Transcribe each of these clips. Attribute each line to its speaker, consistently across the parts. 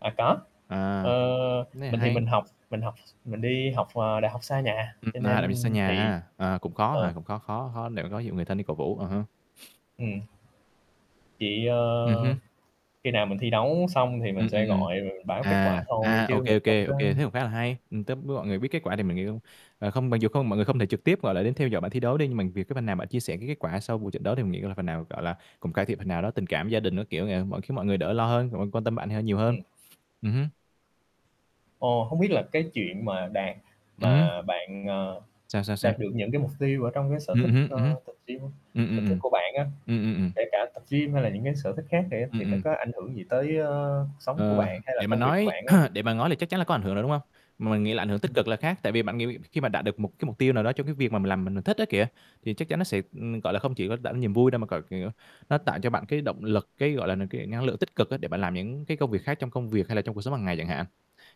Speaker 1: À, có.
Speaker 2: À,
Speaker 1: Ờ,
Speaker 2: cái này
Speaker 1: mình thì
Speaker 2: hay.
Speaker 1: mình học mình học mình đi học, ờ, đại học xa nhà,
Speaker 2: Ừm,
Speaker 1: cho
Speaker 2: na, lại bị
Speaker 1: nên
Speaker 2: xa nhà
Speaker 1: thì
Speaker 2: ha. À, cũng khó hả,
Speaker 1: ờ.
Speaker 2: cũng khó khó khó để mà có dụ người thân đi cổ vũ, à ha.
Speaker 1: Ừm. Chị,
Speaker 2: Ừm
Speaker 1: ơ,
Speaker 2: hứm.
Speaker 1: khi nào mình thi đấu xong thì mình
Speaker 2: Ừm, ừm,
Speaker 1: sẽ
Speaker 2: ừm.
Speaker 1: gọi, rồi mình báo kết
Speaker 2: À,
Speaker 1: quả thôi
Speaker 2: à, OK,
Speaker 1: chứ mình
Speaker 2: OK,
Speaker 1: không có
Speaker 2: OK thế cũng khá là hay, ừm, túp biết mọi người biết kết quả thì mình nghĩ cũng ờ, không mặc dù không mọi người không thể trực tiếp, gọi là, đến theo dõi bạn thi đấu đi nhưng mà vì cái phần nào bạn chia sẻ cái kết quả sau một trận đấu thì mình nghĩ là phần nào, gọi là, cùng cải thiện phần nào đó, tình cảm gia đình các kiểu nè, mọi khiến mọi người đỡ lo hơn, mọi người quan tâm bạn này ha hơn nhiều hơn.
Speaker 1: Ừm.
Speaker 2: Ừm hứm.
Speaker 1: Ồ, hông biết là cái chuyện mà đạt
Speaker 2: Ừm hứm.
Speaker 1: mà bạn, ờ,
Speaker 2: Sao, sao,
Speaker 1: đạt
Speaker 2: sao?
Speaker 1: được những cái mục tiêu ở trong cái sở thích,
Speaker 2: Ừm hứm,
Speaker 1: ơ,
Speaker 2: ừm hứm.
Speaker 1: tập gym
Speaker 2: Ừm,
Speaker 1: sở
Speaker 2: ừm,
Speaker 1: thích
Speaker 2: ừm.
Speaker 1: của bạn á,
Speaker 2: Ừm, ừm, ừm.
Speaker 1: kể cả tập gym hay là những cái sở thích khác này á,
Speaker 2: Ừm,
Speaker 1: thì nó
Speaker 2: ừm.
Speaker 1: có ảnh hưởng gì tới, ơ, cuộc sống của
Speaker 2: Ờ.
Speaker 1: bạn hay là
Speaker 2: Để mà
Speaker 1: công việc của
Speaker 2: nói
Speaker 1: bạn hông?
Speaker 2: để mà ngói là chắc chắn là có ảnh hưởng rồi, đúng hông? Mà mình nghĩ là ảnh hưởng tích
Speaker 1: Ừm.
Speaker 2: cực là khác, tại vì bạn nghĩ khi mà đạt được mục cái mục tiêu nào đó cho cái việc mà mình làm mình mình thích á, kìa, thì chắc chắn nó sẽ, ừm, gọi là, không chỉ có tạo nên niềm vui đâu mà gọi, kiểu, nó tạo cho bạn cái động lực, cái, gọi là, n cái năng lượng tích cực á để bạn làm những cái công việc khác trong công việc hay là trong cuộc sống hàng ngày chẳng hạn.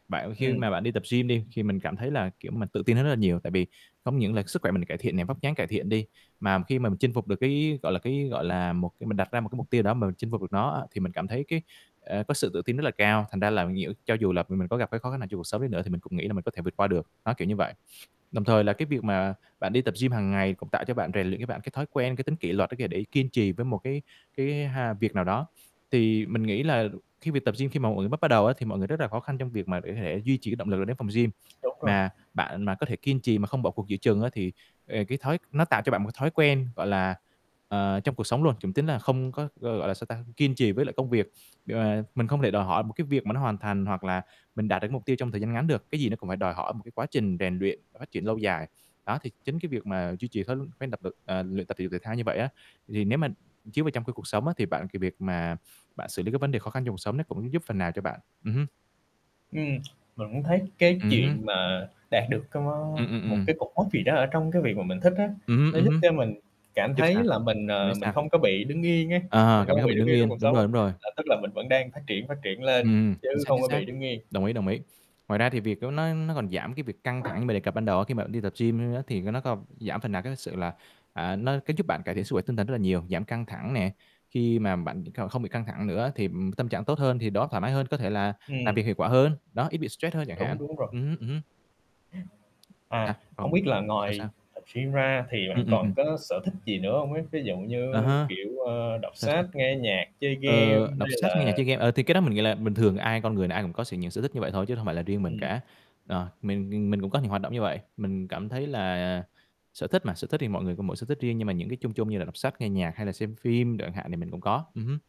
Speaker 2: Bạn khi
Speaker 1: Ừm.
Speaker 2: mà bạn đi tập gym đi, thì, mình cảm thấy là, kiểu, mà tự tin hơn rất là nhiều, tại vì không những là sức khỏe mình cải thiện nè, vóc dáng cải thiện đi, mà khi mà mình chinh phục được cái, gọi là, cái, gọi là, một cái mình đặt ra một cái mục tiêu nào đó mà chinh phục được nó á, thì mình cảm thấy cái, ờ, có sự tự tin rất là cao, thành ra là nhiễu cho dù là mình mình có gặp cái khó khăn nào trong cuộc sống nữa thì mình cũng nghĩ là mình có thể vượt qua được, đó, kiểu như vậy. Đồng thời là cái việc mà bạn đi tập gym hàng ngày cũng tạo cho bạn rèn luyện cho bạn cái thói quen, cái tính kỷ luật á, kìa, để kiên trì với một cái cái ha việc nào đó. Thì mình nghĩ là khi việc tập gym khi mà một người bắt bắt đầu á, thì mọi người rất là khó khăn trong việc mà để có thể duy trì cái động lực đến phòng gym.
Speaker 1: Đúng rồi.
Speaker 2: Mà bạn mà có thể kiên trì mà không bỏ cuộc giữa chừng á, thì, ề, cái thói nó tạo cho bạn một cái thói quen, gọi là, ờ, trong cuộc sống luôn, [unintelligible] tính là không có, ơ, gọi là, sao ta, kiên trì với lại công việc. Để mà mình không thể đòi hỏi một cái việc mà nó hoàn thành hoặc là mình đạt được mục tiêu trong thời gian ngắn được, cái gì nó cũng phải đòi hỏi một cái quá trình rèn luyện, phát triển lâu dài. Đó, thì chính cái việc mà duy trì thói tập [unintelligible] ờ luyện tập thể dục thể thao như vậy á, thì nếu mà chiếu vào trong cái cuộc sống á, thì bạn cái việc mà bạn xử lý cái vấn đề khó khăn trong cuộc sống nó cũng giúp phần nào cho bạn. Ừm hứm.
Speaker 1: Ừm, mình cũng thấy cái
Speaker 2: Ừm hứm.
Speaker 1: chuyện mà đạt được cái mó
Speaker 2: Ừm, ừm,
Speaker 1: một
Speaker 2: ừm.
Speaker 1: cái cột mốc gì đó ở trong cái việc mà mình thích á,
Speaker 2: Ừm hứm,
Speaker 1: nó
Speaker 2: ừm
Speaker 1: giúp
Speaker 2: hứm.
Speaker 1: cho mình cảm
Speaker 2: Giúp
Speaker 1: thấy
Speaker 2: sao?
Speaker 1: là mình,
Speaker 2: Bạn
Speaker 1: à,
Speaker 2: nói
Speaker 1: mình
Speaker 2: sao?
Speaker 1: không có bị đứng yên á,
Speaker 2: À,
Speaker 1: mình không
Speaker 2: cảm
Speaker 1: có
Speaker 2: giác
Speaker 1: bị
Speaker 2: bị
Speaker 1: đứng
Speaker 2: đứng
Speaker 1: yên trong
Speaker 2: yên,
Speaker 1: cuộc
Speaker 2: đúng
Speaker 1: sống
Speaker 2: rồi,
Speaker 1: á,
Speaker 2: đúng rồi.
Speaker 1: là tức là mình vẫn đang phát triển, phát triển lên
Speaker 2: Ừm, chính
Speaker 1: chứ
Speaker 2: xác,
Speaker 1: không
Speaker 2: chính
Speaker 1: có
Speaker 2: xác.
Speaker 1: bị đứng yên.
Speaker 2: Đồng ý, đồng ý. Ngoài ra thì việc đó nó nó còn giảm cái việc căng thẳng mình đề cập ban đầu á, khi mà mình đi tập gym á, thì cái nó không giảm phần nào cái sự là, à, nó cái giúp bạn cải thiện sức khỏe tinh thần rất là nhiều, giảm căng thẳng nè, khi mà bạn đ cao không bị căng thẳng nữa thì, ừm, tâm trạng tốt hơn thì đầu óc thoải mái hơn, có thể là làm
Speaker 1: Ừm.
Speaker 2: việc hiệu quả hơn, đó, ít bị stress hơn chẳng hạn.
Speaker 1: Đúng, đúng rồi.
Speaker 2: Ừm hứm, ừm hứm.
Speaker 1: Ừm.
Speaker 2: Sao,
Speaker 1: À, hổng biết
Speaker 2: phầm,
Speaker 1: là
Speaker 2: sao
Speaker 1: ngoài
Speaker 2: sao?
Speaker 1: tập gym ra thì
Speaker 2: Ừm,
Speaker 1: bạn
Speaker 2: ừm, ừm.
Speaker 1: còn có sở thích gì nữa hông ấy? Ví dụ
Speaker 2: Ờ
Speaker 1: như,
Speaker 2: ha.
Speaker 1: kiểu, ờ, đọc
Speaker 2: Sao?
Speaker 1: sách,
Speaker 2: Sao?
Speaker 1: nghe nhạc, chơi game
Speaker 2: Ờ,
Speaker 1: hay
Speaker 2: đọc sách, nghe nhạc,
Speaker 1: là
Speaker 2: chơi game, ờ, thì cái đó mình nghĩ là bình thường ai con người nào ai cũng có sở những sở thích như vậy thôi chứ không phải là riêng mình
Speaker 1: Ừm.
Speaker 2: cả. Ờ, mình nghìn mình cũng có những hoạt động như vậy, mình cảm thấy là, à, sở thích mà, sở thích thì mọi người có mỗi sở thích riêng nhưng mà những cái chung chung như là đọc sách, nghe nhạc hay là xem phim đồ chẳng hạn thì mình cũng có. Ừm hứm.